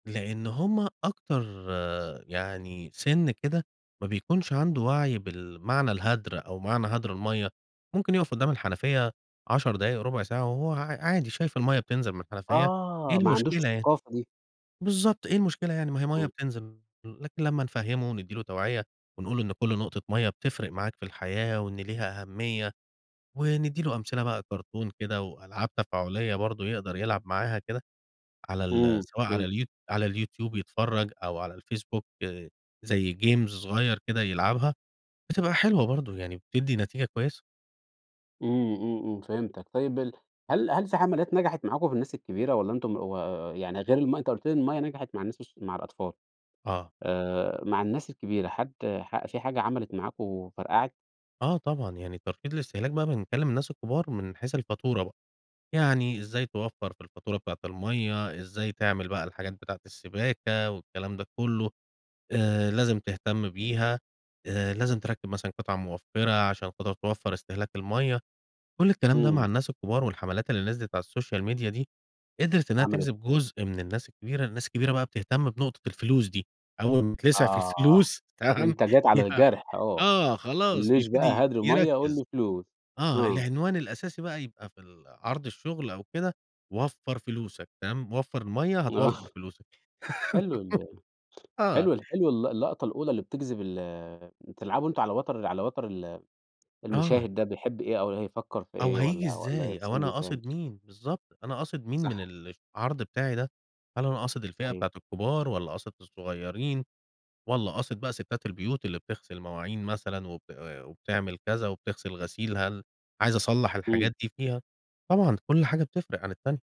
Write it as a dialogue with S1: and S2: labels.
S1: لإن همّ أكتر يعني سن كده ما بيكونش عنده وعي بالمعنى الهدر أو معنى هدر المَيَّة، ممكن يُوقف قدّام الحنفيَّة 10 دقايق، ربع ساعة، وهو عا عادي شايف المَيَّة بتنزل من الحنفيَّة، إيه
S2: آه، ما عندوش
S1: المشكلة يعني؟
S2: الثقافة دي.
S1: بالضبط إيه المشكلة يعني؟ ما هي مَيَّة
S2: امم.
S1: بتنزل، لكن لمّا نفهّمه وندِّي له توعية ونقول له إن كل نقطة مَيَّة بتفرق معاك في الحياة وإن ليها أهمية، وندِّي له أمثلة بقى كرتون كده وألعاب تفاعلية برضو يقدر يلعب معاها كده، على ال
S2: امم،
S1: سواء على
S2: فهمت.
S1: اليو على اليوتيوب يتفرج أو على الفيسبوك زي جيمز صغيّر كده يلعبها، بتبقى حلوة برضو يعني بتدِّي نتيجة كويّسة.
S2: امم، امم، امم، فهمتَك. طيب ال هل هل في حملات نجحت معاكم في الناس الكبيرة، والَّا أنتم و يعني غير الم أنتَ قلت لي الميَّة نجحت مع الناس الص مع الأطفال؟
S1: آه.
S2: آآ، مع الناس الكبيرة حد ح في حاجة عملت معاكم وفرقعت؟
S1: آه طبعًا، يعني ترشيد الاستهلاك بقى بنكلِّم الناس الكبار من حيث الفاتورة بقى، يعني إزَّاي توفَّر في الفاتورة بتاعة الميَّة، إزَّاي تعمل بقى الحاجات بتاعة السباكة والكلام ده كلّه، آآ، لازم تهتم بيها، آآ، لازم تركِّب مثلًا قطع موفِّرة عشان تقدر توفَّر استهلاك الميَّة، كل الكلام ده مع
S2: امم.
S1: الناس الكبار. والحملات اللي نزلت على السوشيال ميديا دي، قدرت إنّها تجذب
S2: عملت
S1: جزء من الناس الكبيرة، الناس الكبيرة بقى بتهتم بنقطة الفلوس دي، أول ما تتلسع في
S2: آه،
S1: الفلوس، تمام؟
S2: أنتَ جيت على
S1: يع
S2: الجرح آه، ما
S1: آه خلاص
S2: تقولّيش بقى
S1: بيبتدي
S2: هدر ميَّة وقل
S1: يركز،
S2: لي فلوس،
S1: آه
S2: آه.
S1: العنوان الأساسي بقى يبقى في ال عرض الشغل أو كده: وفَّر فلوسك، تمام؟ وفَّر الميَّة
S2: آه،
S1: هتوفَّر فلوسك،
S2: حلو ال
S1: آه.
S2: حلو حلو ال اللقطة الأولى اللي بتجذب ال بتلعبوا أنتم على وتر على وتر ال
S1: آه.
S2: المُشاهد ده بيحب إيه أو هيفكر في
S1: أو
S2: إيه
S1: هييجي
S2: والَّا
S1: إزاي؟
S2: والَّا
S1: أو أنا
S2: سنُّه كام.
S1: قاصد مين؟ بالضبط، أنا قاصد مين من
S2: صح.
S1: العرض بتاعي ده؟ هل أنا قاصد الفئة
S2: صحيح.
S1: بتاعة الكبار، والّا قاصد الصغيّرين، والّا قاصد بقى ستات البيوت اللي بتغسل المواعين مثلًا وب وبتعمل كذا وبتغسل الغسيل، هل عايز أصلَّح
S2: امم
S1: الحاجات دي فيها؟ طبعًا كل حاجة بتفرق عن التانية.